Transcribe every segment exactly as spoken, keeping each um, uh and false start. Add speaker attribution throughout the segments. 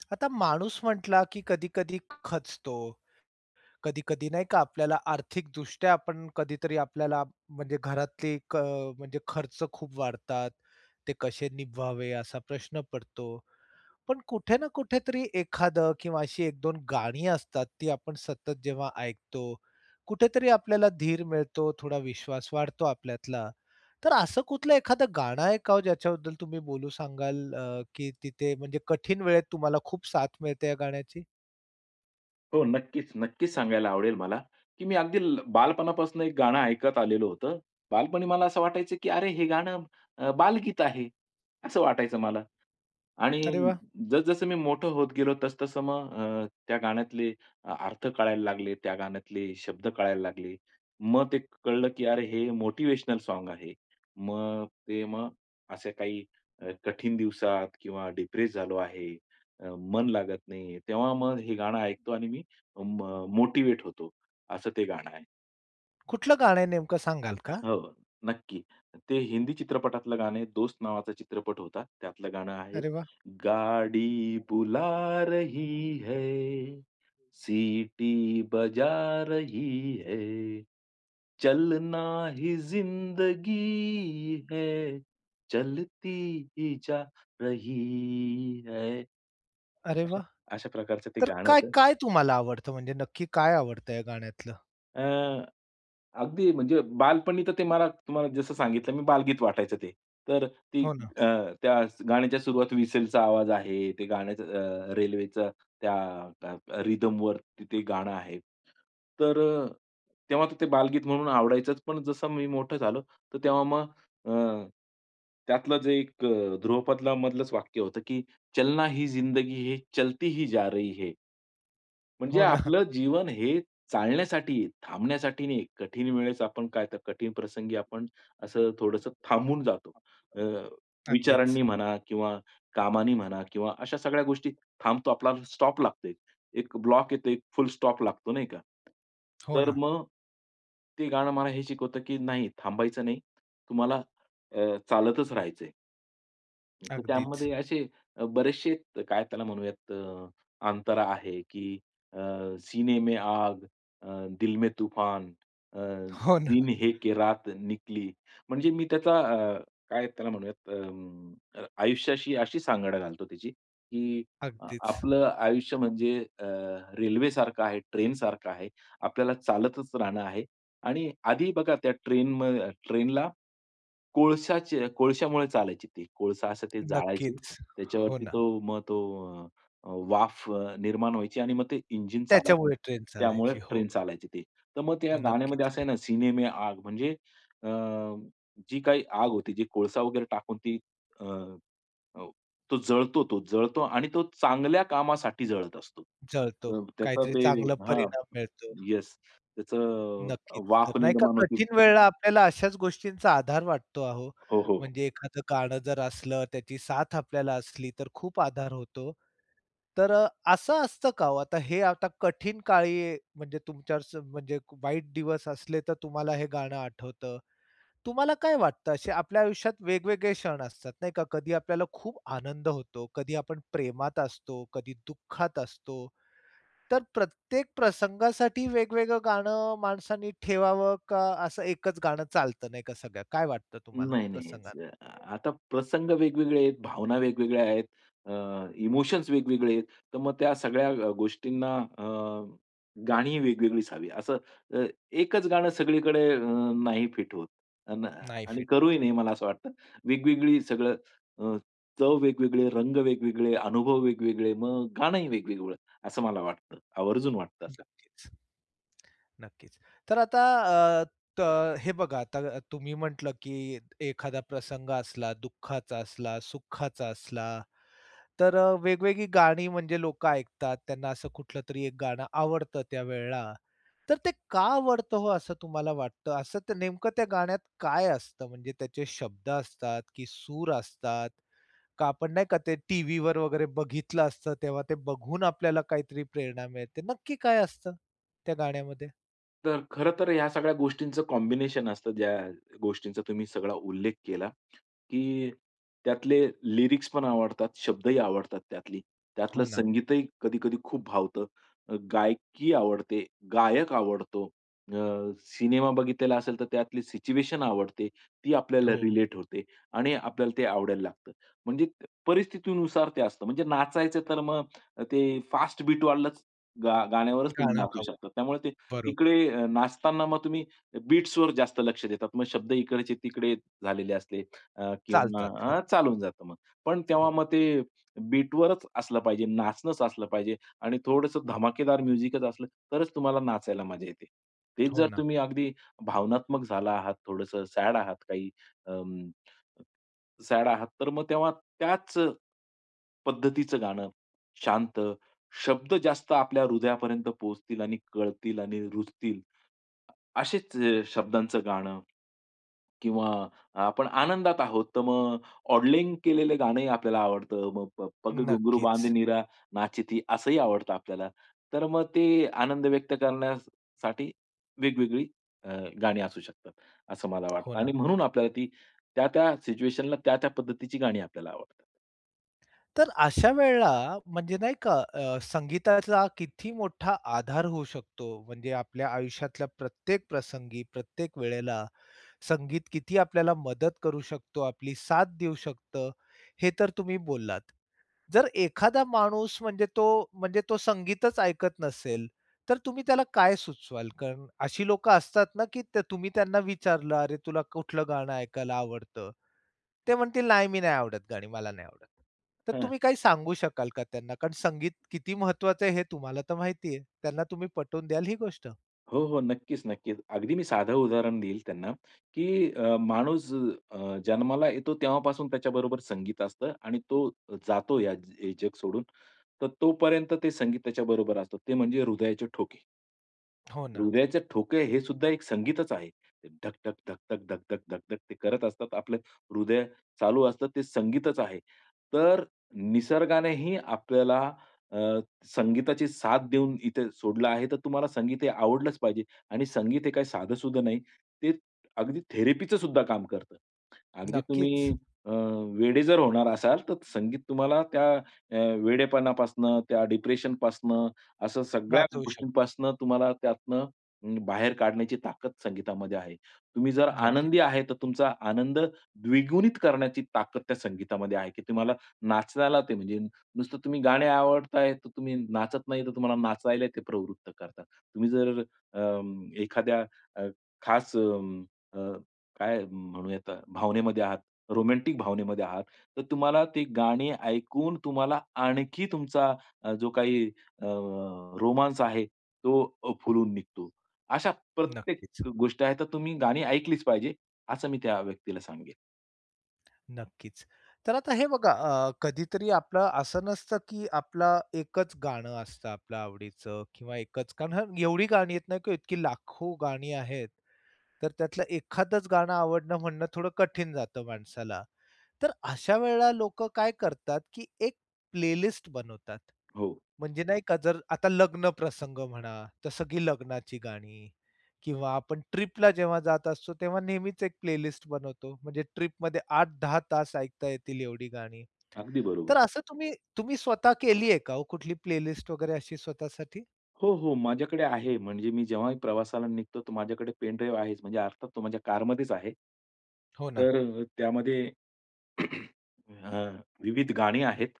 Speaker 1: आता माणूस म्हटला, की कधी-कधी खचतो. कधी-कधी नाही का आपल्याला आर्थिकदृष्ट्या आपण कधीतरी आपल्याला म्हणजे घरातली एक अ, म्हणजे खर्च खूप वाढतात. ते कसे निभवावे? असा प्रश्न पडतो. पण कुठे ना कुठेतरी एखादं किंवा अशी एक दोन गाणी असतात, ती आपण सतत जेव्हा ऐकतो. कुठेतरी आपल्याला धीर मिळतो, थोडा विश्वास वाढतो आपल्यातला. तर असं कुठलं एखादं गाणं आहे का हो? ज्याच्याबद्दल तुम्ही बोलू सांगाल, अ, की तिथे म्हणजे कठीण वेळेत तुम्हाला खूप साथ मिळते या गाण्याची?
Speaker 2: हो, नक्कीच, नक्कीच सांगायला आवडेल मला, की मी अगदी ल बालपणापासून एक गाणं ऐकत आलेलं होतं. बालपणी मला असं वाटायचं, की "अरे, हे गाणं अ, बालगीत आहे." असं वाटायचं मला. आणि
Speaker 1: अरे वाह!
Speaker 2: जसं-जसं मी मोठं होत गेलो, तसं-तसं मग अ, त्या गाण्यातले अ अर्थ कळायला लागले, त्या गाण्यातले शब्द कळायला लागले. मग ते कळलं, की अरे हे मोटिव्हेशनल सॉन्ग आहे. मग ते मग असे काही अ, कठीण दिवसात किंवा डिप्रेस झालो आहे. अ, मन लागत नाही. तेव्हा मग हे गाणं ऐकतो आणि मी म मोटिव्हेट होतो, असं ते गाणं आहे.
Speaker 1: कुठलं गाणं आहे नेमकं सांगाल का?
Speaker 2: हो, नक्की. ते हिंदी चित्रपटातलं गाणं आहे. दोस्त नावाचा चित्रपट होता. त्यातलं गाणं आहे
Speaker 1: अरे वाह!
Speaker 2: गाडी बुला रही है,
Speaker 1: [unintelligible]
Speaker 2: सिटी बजा रही है, चलना ही जिंदगी है, चलती ही जा रही है।
Speaker 1: अरे
Speaker 2: अशा
Speaker 1: वाह!
Speaker 2: अशा प्रकारचं ते
Speaker 1: तर
Speaker 2: गाणं
Speaker 1: काय
Speaker 2: होतं.
Speaker 1: काय तुम्हाला आवडतं? म्हणजे नक्की काय आवडतं या गाण्यातलं?
Speaker 2: अ, अगदी म्हणजे बालपणी तर ते मला तुम्हाला जसं सांगितलं मी बालगीत वाटायचं ते. तर ती
Speaker 1: हो ना.
Speaker 2: अ, त्या स गाण्याच्या सुरुवाती व्हिसलचा आवाज आहे. ते गाण्याचं अ, रेल्वेचं त्या त्य अ, रिदमवर त ते गाणं आहे. तर अ, तेव्हा तर ते बालगीत म्हणून आवडायचंच पण जसं मी मोठं झालो, तर तेव्हा मग अ, त्यातलं जे एक अ, ध्रुवपदलामधलंच वाक्य होतं की चलना ही जिंदगी ही, चलती ही जा रही है. म्हणजे
Speaker 1: हो ना.
Speaker 2: आपलं जीवन हे चालण्यासाठी आहे, थांबण्यासाठी नाहीये. कठीण वेळेस आपण काय तर कठीण प्रसंगी आपण असं थोडंसं थांबून जातो.
Speaker 1: [unintelligible]
Speaker 2: अ,
Speaker 1: अगदीच.
Speaker 2: विचारांनी म्हणा किंवा कामानी म्हणा किंवा अशा सगळ्या गोष्टी थांबतो आपला स्टॉप लागतो एक. एक ब्लॉक येतो, एक फुल स्टॉप लागतो, नाही का?
Speaker 1: हो
Speaker 2: तर
Speaker 1: ना.
Speaker 2: मग, ते गाणं मला हे शिकवतं की नाही, थांबायचं नाही. तुम्हाला अ, चालतच राहायचंय. हं, तर
Speaker 1: अगदीच.
Speaker 2: त्यामध्ये असे अ, बरेचशे अ, काय त्याला म्हणूयात अ, अंतरा आहे की अ, सीने में आग, अ, दिल में तूफान, अ,
Speaker 1: हो ना.
Speaker 2: दिन है के रात निकली. म्हणजे मी त्याचा अ, काय त्याला म्हणूयात अं, अ, आयुष्याशी अशी सांगड घालतो त्याची की अ,
Speaker 1: अगदीच.
Speaker 2: आपलं आयुष्य म्हणजे अ, रेल्वेसारखं आहे, ट्रेनसारखं आहे. आपल्याला चालतच राहणं आहे. आणि आधी बघा त्या ट्रेनम अ, ट्रेनला, कोळशाचे कोळशामुळे चालायची ती कोळसा असं ते जाळायची
Speaker 1: नक्कीच. हो
Speaker 2: त्याच्यावरती
Speaker 1: ना.
Speaker 2: तो मग तो अ, वाफ अ, निर्माण व्हायची आणि मग ते इंजिन चलायचं.
Speaker 1: त्याच्यामुळे ट्रेन
Speaker 2: त्यामुळे
Speaker 1: चालायची.
Speaker 2: ट्रेन
Speaker 1: हो.
Speaker 2: चालायची ती. तर मग त्या गाण्यामध्ये
Speaker 1: नक्कीच.
Speaker 2: असं आहे ना, सीने में आग, म्हणजे अ, जी काही आग होती जी कोळसा वगैरे टाकून ती अ, अ, तो जळतो तो जळतो आणि तो चांगल्या कामासाठी जळत असतो.
Speaker 1: जळतो,
Speaker 2: त त्याचा
Speaker 1: काहीतरी
Speaker 2: ते
Speaker 1: चांगला
Speaker 2: हां,
Speaker 1: परिणाम मिळतो.
Speaker 2: येस. त्याचं अ,
Speaker 1: नक्कीच. जर
Speaker 2: वाफ
Speaker 1: नाही का
Speaker 2: निर्माण होते
Speaker 1: कठीण वेळेला आपल्याला अशाच गोष्टींचा आधार वाटतो अहो.
Speaker 2: हो, हो.
Speaker 1: म्हणजे एखादं गाणं जर असलं, त्याची साथ आपल्याला असली, तर खूप आधार होतो. तर अ, असं असतं का हो आता हे आता कठीण काळी म्हणजे तुमच्यावर स म्हणजे वाईट दिवस असले तर तुम्हाला हे गाणं आठवतं. तुम्हाला काय वाटतं? असे आपल्या आयुष्यात वेगवेगळे क्षण असतात, नाही का? कधी आपल्याला खूप आनंद होतो, कधी आपण प्रेमात असतो, कधी दुःखात असतो. तर प्रत्येक प्रसंगासाठी वेगवेगळं गाणं माणसानी ठेवावं, का असं एकच गाणं चालत नाही का सगळं? काय वाटतं तुम्हाला
Speaker 2: नाही नाही, हेच.
Speaker 1: प्रसंगान
Speaker 2: अ, आता प्रसंग वेगवेगळे आहेत, भावना वेगवेगळ्या आहेत. अ, इमोशन्स वेगवेगळे आहेत. तर मग त्या सगळ्या अ, गोष्टींना अ, गाणीही वेगवेगळीच हवी, असं अ, एकच गाणं सगळीकडे अ, नाही फिट होत. अन
Speaker 1: नाही
Speaker 2: आणि
Speaker 1: फिट
Speaker 2: करूही
Speaker 1: होत.
Speaker 2: नाही मला असं वाटतं. वेगवेगळी सगळं अ, चव वेगवेगळे, रंग वेगवेगळे, अनुभव वेगवेगळे, मग गाणंही वेगवेगळं असं मला वाटतं, आवर्जून वाटतं असं.
Speaker 1: नक्कीच. नक्कीच. तर आता अ, त हे बघा आता तुम्ही म्हटलं की एखादा प्रसंग असला, दुःखाचा असला, सुखाचा असला, तर अ, वेगवेगळी गाणी म्हणजे लोकं ऐकतात, त्यांना असं कुठलं तरी एक गाणं आवडतं त्यावेळेला. तर ते का आवडतं हो, असं तुम्हाला वाटतं? असं ते नेमकं त्या गाण्यात काय असतं? म्हणजे त्याचे शब्द असतात की सूर असतात? का आपण, नाही का, ते टीव्हीवर वगैरे बघितलं असतं, तेव्हा ते बघून आपल्याला काहीतरी प्रेरणा मिळते, नक्की काय असतं त्या गाण्यामध्ये?
Speaker 2: तर खरं तर ह्या सगळ्या गोष्टींचं कॉम्बिनेशन असतं. ज्या गोष्टींचा तुम्ही सगळा उल्लेख केला, की त्यातले लिरिक्सपण आवडतात, शब्दही आवडतात त्यातली, त्यातलं
Speaker 1: हो ना.
Speaker 2: संगीतही कधी-कधी खूप भावतं. अ, गायकी आवडते, गायक आवडतो. अ, सिनेमा बघितलेला असेल तर त्यातली सिच्युएशन आवडते. ती आपल्याला
Speaker 1: हो.
Speaker 2: रिलेट होते. आणि आपल्याला ते आवडायला लागतं. म्हणजे परिस्थितीनुसार ते असतं. म्हणजे नाचायचं तर मग ते फास्ट बीटवाल्याच गा गाण्यावरच तुम्ही
Speaker 1: गाणं
Speaker 2: नाचू
Speaker 1: हवं.
Speaker 2: शकतात. त्यामुळे ते
Speaker 1: बरोबर.
Speaker 2: इकडे नाचताना मग तुम्ही बीट्सवर जास्त लक्ष देतात. मग शब्द इकडचे तिकडे झालेले असले अ, किंवा
Speaker 1: चालतात हो.
Speaker 2: अ, चालून जातं मग. पण तेव्हा
Speaker 1: हो.
Speaker 2: मग ते बीटवरच असलं पाहिजे, नाचणचं असलं पाहिजे आणि थोडंसं धमाकेदार म्युझिकच असलं, तरच तुम्हाला नाचायला मजा येते. तेच
Speaker 1: हो
Speaker 2: जर
Speaker 1: ना.
Speaker 2: तुम्ही अगदी भावनात्मक झाला आहात, थोडंसं सॅड आहात काही अं सॅड आहात. तर मग तेव्हा त्याचं पद्धतीचं गाणं शांत, शब्द जास्त आपल्या हृदयापर्यंत पोहोचतील आणि कळतील आणि रुजतील असेच शब्दांच गाणं, किंवा आपण आनंदात आहोत तर मग ऑडलिंग केलेलं गाणंही आपल्याला आवडतं, मग प प पग घुंगरु बांध
Speaker 1: नक्कीच.
Speaker 2: मीरा नाची थी. असंही आवडतं आपल्याला. तर मग ते आनंद व्यक्त करण्यासाठी वेगवेगळी अ, गाणी असू शकतात. असं मला
Speaker 1: हो
Speaker 2: वाटतं
Speaker 1: ना.
Speaker 2: आणि म्हणून आपल्याला ती त्या-त्या सिच्युएशनला त्या-त्या पद्धतीची गाणी आपल्याला आवडतात.
Speaker 1: तर अशा वेळेला म्हणजे नाही का, अ, संगीताचा किती मोठा आधार होऊ शकतो. म्हणजे आपल्या आयुष्यातल्या प्रत्येक प्रसंगी, प्रत्येक वेळेला संगीत किती आपल्याला मदत करू शकतो, आपली साथ देऊ शकतं हे तर तुम्ही बोललात. जर एखादा माणूस म्हणजे तो म्हणजे तो संगीतच ऐकत नसेल तर तुम्ही त्याला काय सुचवाल? कारण अशी लोकं असतात ना, की त्या तुम्ही त्यांना विचारलं, "अरे, तुला कुठलं गाणं ऐकायला आवडतं?" ते म्हणतील, "नाही, मी नाही आवडत गाणी मला नाही आवडत." तर
Speaker 2: हं.
Speaker 1: तुम्ही काही सांगू शकाल का त्यांना कारण संगीत किती महत्वाचं आहे हे तुम्हाला तर माहिती आहे. त्यांना तुम्ही पटवून द्याल ही गोष्ट?
Speaker 2: हो, हो, नक्कीच-नक्कीच. अगदी मी साधं उदाहरण देईल त्यांना, की अ, माणूस अ, जन्माला येतो तेव्हापासून त्याच्याबरोबर संगीत असतं आणि तो जातो ह्या हे जग सोडून तर तोपर्यंत ते संगीत त्याच्याबरोबर असतं, ते म्हणजे हृदयाचे ठोके.
Speaker 1: हो ना.
Speaker 2: हृदयाचे ठोके हे सुद्धा एक संगीतच आहे. धक-धक, धक-धक, धक-धक, धक-धक ते करत असतात. आपलं हृदय चालू असतं ते संगीतच आहे. तर निसर्गानेही आपल्याला अ, संगीताची साथ देऊन इथे सोडलं आहे. तर तुम्हाला संगीत हे आवडलंच पाहिजे आणि संगीत हे काही साधं-सुधं नाही, ते अगदी थेरपीचं सुद्धा काम करतं. अगदी
Speaker 1: नक्कीच.
Speaker 2: तुम्ही, अ, वेडे जर होणार असाल तर संगीत तुम्हाला त्या अ, वेडेपणापासून त्या डिप्रेशन पासून असं सगळ्या
Speaker 1: वाचवू शकतो.
Speaker 2: गोष्टींपासून तुम्हाला त्यातुन उम्म, बाहेर काढण्याची ताकद संगीतामध्ये आहे. तुम्ही जर आनंदी
Speaker 1: नक्कीच.
Speaker 2: आहे तर तुमचा आनंद द्विगुणित करण्याची ताकद त्या संगीतामध्ये आहे, की तुम्हाला नाचायला ते म्हणजे नुसतं तुम्ही गाणे आवडत आहे तर तुम्ही नाचत नाही तर तुम्हाला नाचायला ते प्रवृत्त करतं. तुम्ही जर अ, एखाद्या अ, खास अ, काय म्हणूया भावनेमध्ये आहात, रोमॅन्टिक भावनेमध्ये आहात तर तुम्हाला ती गाणी ऐकून तुम्हाला आणखी तुमचा जो काही अ, रोमान्स आहे तो अ, फुलून निघतो. अशा प्रत्येक
Speaker 1: नक्कीच.
Speaker 2: गोष्टी आहेत तर तुम्ही गाणी ऐकलीच पाहिजे, असं मी त्या व्यक्तीला सांगेन.
Speaker 1: नक्कीच. तर आता हे बघा, अ, कधीतरी आपलं असं नसतं, की आपला एकच गाणं असतं आपलं आवडीचं किंवा एकच कारण एवढी गाणी येत नाही की इतकी लाखो गाणी आहेत. तर त्यातलं एखादचं गाणं आवडणं म्हणणं थोडं कठीण जातं माणसाला. तर अशा वेळेला लोकं काय करतात, की एक प्लेलिस्ट बनवतात.
Speaker 2: हो.
Speaker 1: म्हणजे नाही का जर आता लग्न प्रसंग म्हणा तर सगळी लग्नाची गाणी किंवा आपण ट्रिपला जेव्हा जात असतो तेव्हा नेहमीच एक प्लेलिस्ट बनवतो म्हणजे ट्रिपमध्ये आठ दहा तास ऐकता येतील एवढी गाणी.
Speaker 2: अगदी बरोबर.
Speaker 1: तर असं तुम्ही तुम्ही स्वतः केली आहे का हो कुठली प्लेलिस्ट वगैरे अशी स्वतःसाठी?
Speaker 2: हो, हो, माझ्याकडे आहे. म्हणजे मी जेव्हा प्रवासाला निघतो तो माझ्याकडे पेनड्राइव्ह आहेच म्हणजे अर्थात तो माझ्या कारमध्येच आहे.
Speaker 1: हो ना.
Speaker 2: तर त्यामध्ये. अ, विविध गाणी आहेत.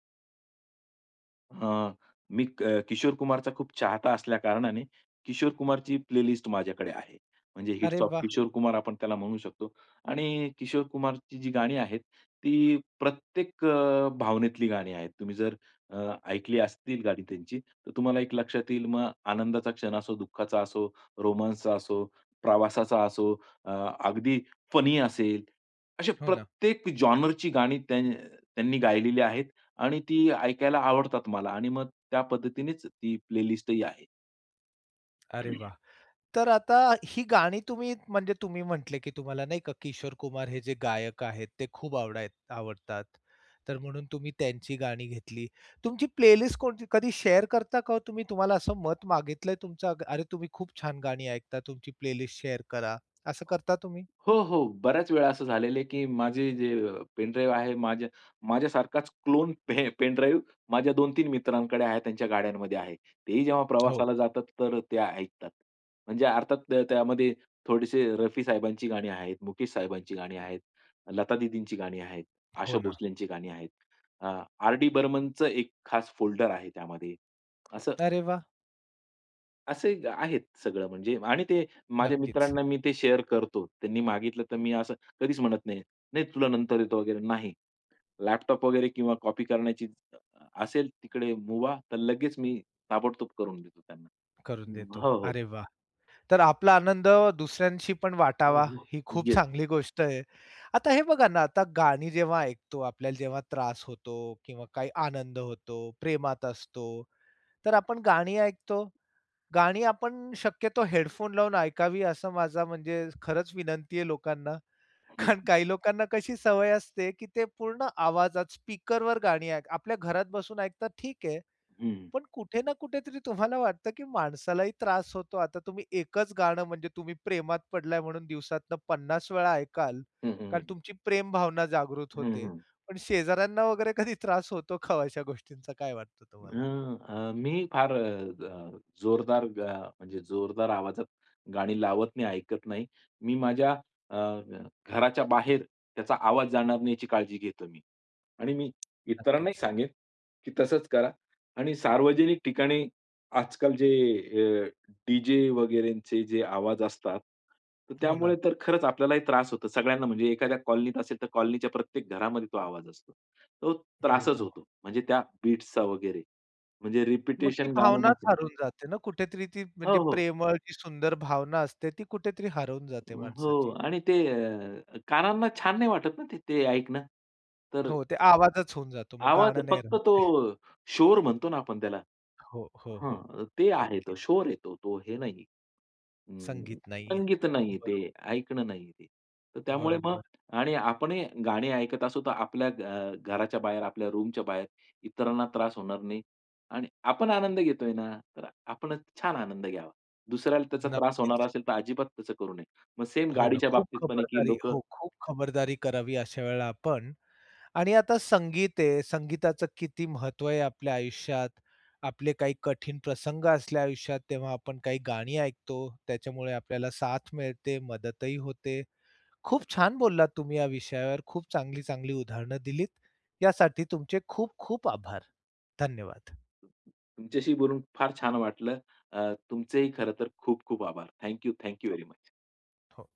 Speaker 2: अ, मी क किशोर कुमारचा खूप चाहता असल्या कारणाने किशोर कुमारची प्लेलिस्ट माझ्याकडे आहे. म्हणजे हिट्स
Speaker 1: अरे
Speaker 2: ऑफ
Speaker 1: वाह!
Speaker 2: किशोर कुमार आपण त्याला म्हणू शकतो आणि किशोर कुमारची जी गाणी आहेत ती प्रत्येक अ, भावनेतली गाणी आहेत. तुम्ही जर अ, ऐकली असतील गाणी त्यांची, तर तुम्हाला एक लक्षात येईल मग आनंदाचा क्षण असो, दुःखाचा असो, रोमान्सचा असो, प्रवासाचा असो, अ, अगदी फनी असेल अशा
Speaker 1: हो ना.
Speaker 2: प्रत्येक जॉनरची गाणी त्यां त्यांनी गायलेली आहेत आणि ती ऐकायला आवडतात मला आणि मग त्या पद्धतीनेच ती प्लेलिस्ट ही आहे.
Speaker 1: अरे वाह! तर आता ही गाणी तुम्ही म्हणजे तुम्ही म्हटले, की तुम्हाला नाही का किशोर कुमार हे जे गायक आहेत, ते खूप आवडाय आवडतात. तर म्हणून तुम्ही त्यांची गाणी घेतली. तुमची प्ले लिस्ट कोणती कधी शेअर करता का हो तुम्ही, तुम्हाला असं मत मागितलंय तुमचं? "अरे, तुम्ही खूप छान गाणी ऐकता, तुमची प्ले लिस्ट शेअर करा," असं करता तुम्ही?
Speaker 2: हो, हो. बऱ्याच वेळा असं झालेलं आहे, की माझे जे पेन ड्राइव्ह आहे माझ्या माझ्यासारखाच क्लोन पे पेन ड्राइव्ह माझ्या दोन तीन मित्रांकडे आहे. त्यांच्या गाड्यांमध्ये आहे. तेही जेव्हा
Speaker 1: हो.
Speaker 2: प्रवासाला जातात. तर ते ऐकतात. म्हणजे अर्थात त त्यामध्ये थोडेसे रफी साहेबांची गाणी आहेत, मुकेश साहेबांची गाणी आहेत, लता दीदींची गाणी आहेत,
Speaker 1: हो
Speaker 2: आशा
Speaker 1: ना.
Speaker 2: भोसलेची गाणी आहेत. अ, आर. डी. बर्मनचं एक खास फोल्डर आहे त्यामध्ये. असं
Speaker 1: अरे वाह!
Speaker 2: असे आहेत सगळं म्हणजे आणि ते माझ्या
Speaker 1: नक्कीच.
Speaker 2: मित्रांना मी ते शेअर करतो. त्यांनी मागितलं तर मी असं कधीच म्हणत नाही, "नाही तुला नंतर देतो वगैरे," नाही. लॅपटॉप वगैरे किंवा कॉपी करण्याची अ, असेल तिकडे मूभा. तर लगेच मी ताबडतोब करून देतो त्यांना.
Speaker 1: करून
Speaker 2: अं,
Speaker 1: देतो.
Speaker 2: हो, हो.
Speaker 1: अरे वाह! तर आपला आनंद दुसऱ्यांशीपण
Speaker 2: नाही
Speaker 1: वाटावा, ही
Speaker 2: रिस्क
Speaker 1: खूप
Speaker 2: घेत.
Speaker 1: चांगली गोष्ट आहे. आता हे बघा ना, आता गाणी जेव्हा ऐकतो आपल्याला जेव्हा त्रास होतो किंवा काही आनंद होतो, प्रेमात असतो, तर आपण गाणी ऐकतो. गाणी आपण शक्यतो हेडफोन लावून ऐकावी असं माझा म्हणजे खरंच विनंती आहे लोकांना.
Speaker 2: हं,
Speaker 1: कारण
Speaker 2: हं.
Speaker 1: काही लोकांना कशी सवय असते, की ते पूर्ण आवाजात स्पीकरवर गाणी ऐक आपल्या घरात बसून ऐकतात, ठीक आहे,
Speaker 2: हं.
Speaker 1: पण कुठे ना कुठे तरी तुम्हाला वाटतं, की माणसालाही त्रास होतो. आता तुम्ही एकच गाणं म्हणजे तुम्ही प्रेमात पडलाय म्हणून दिवसातनं पन्नास वेळा ऐकाल
Speaker 2: हं, हं,
Speaker 1: कारण
Speaker 2: हं.
Speaker 1: तुमची प्रेम भावना जागृत
Speaker 2: हं,
Speaker 1: होते.
Speaker 2: हं.
Speaker 1: पण शेजाऱ्यांना वगैरे कधी त्रास होतो का ओ अशा गोष्टींचा? काय वाटत तुम्हाला?
Speaker 2: अं, अ, मी फार अ, जोरदार ग म्हणजे जोरदार आवाजात गाणी लावत नाही. ऐकत नाही. मी माझ्या अ, घराच्या बाहेर त्याचा आवाज जाणार नाही याची काळजी घेतो मी. आणि मी इतरांनाही
Speaker 1: नक्कीच.
Speaker 2: सांगेन, की तसंच करा आणि सार्वजनिक ठिकाणी आजकाल जे अ, डीजे वगैरेचे जे आवाज असतात.
Speaker 1: हो
Speaker 2: त्यामुळे
Speaker 1: ना.
Speaker 2: तर खरंच आपल्यालाही त्रास होतो. सगळ्यांना म्हणजे एखाद्या कॉलनीत असेल. तर कॉलनीच्या प्रत्येक घरामध्ये तो आवाज असतो. तो
Speaker 1: हो.
Speaker 2: त्रासच
Speaker 1: हो.
Speaker 2: होतो. म्हणजे त्या बीट्सचा वगैरे. म्हणजे
Speaker 1: मग ती
Speaker 2: रिपिटिशन गाणं
Speaker 1: भावनाच
Speaker 2: नको.
Speaker 1: हरवून जाते ना कुठेतरी. ती म्हणजे
Speaker 2: हो, हो.
Speaker 1: प्रेमळ, ती सुंदर भावना असते. ती कुठेतरी हरवून
Speaker 2: अ,
Speaker 1: जाते
Speaker 2: हो.
Speaker 1: माणसाची.
Speaker 2: आणि ते अ, कानांना छान नाही वाटत ना ते ते ऐकणं. तर
Speaker 1: हो, ते आवाजच होऊन जातो मग
Speaker 2: आवाज
Speaker 1: गाणं नाही
Speaker 2: फक्त
Speaker 1: राहत
Speaker 2: तो
Speaker 1: ते.
Speaker 2: शोर म्हणतो ना आपण त्याला.
Speaker 1: हो, हो, हो.
Speaker 2: हां, ते आहे
Speaker 1: नक्कीच.
Speaker 2: शोर आहे तो. हे नाहीये. अं,
Speaker 1: संगीत नाहीये.
Speaker 2: संगीत नाही ते.
Speaker 1: बरोबर.
Speaker 2: ऐकणं नाहीये ते. त्यामुळे मग
Speaker 1: बरोबर.
Speaker 2: आणि आपणही गाणी ऐकत असू तर आपल्या घ अ, घराच्या बाहेर, आपल्या रूमच्या बाहेर इतरांना त्रास होणार नाही. आणि आपण आनंद घेतोय ना, तर आपण छान आनंद घ्यावा. दुसऱ्याला त्याचा त्रास होणार
Speaker 1: नक्कीच.
Speaker 2: असेल. तर अजिबात तसं करू नये. मग सेम
Speaker 1: हो ना, खूप
Speaker 2: गाडीच्याबाबतीत पण आहे, की
Speaker 1: खबरदारी
Speaker 2: लोकं
Speaker 1: हो, खूप खबरदारी करावी अशा वेळेला आपण. आणि आता संगीत आहे. संगीताचं किती महत्व आहे आपल्या आयुष्यात. आपले काही कठीण प्रसंग असले आयुष्यात, तेव्हा आपण काही गाणी ऐकतो. त्याच्यामुळे आपल्याला साथ मिळते, मदतही होते. खूप छान बोललात तुम्ही या विषयावर. खूप चांगली, चांगली उदाहरणं दिलीत. यासाठी तुमचे खूप-खूप आभार. धन्यवाद.
Speaker 2: तुमच्याशीही बोलून फार छान वाटलं. अ, तुमचेही खरं तर खूप खूप आभार. थँक यू, थँक यू
Speaker 1: हो,
Speaker 2: व्हेरी मुच.
Speaker 1: हो.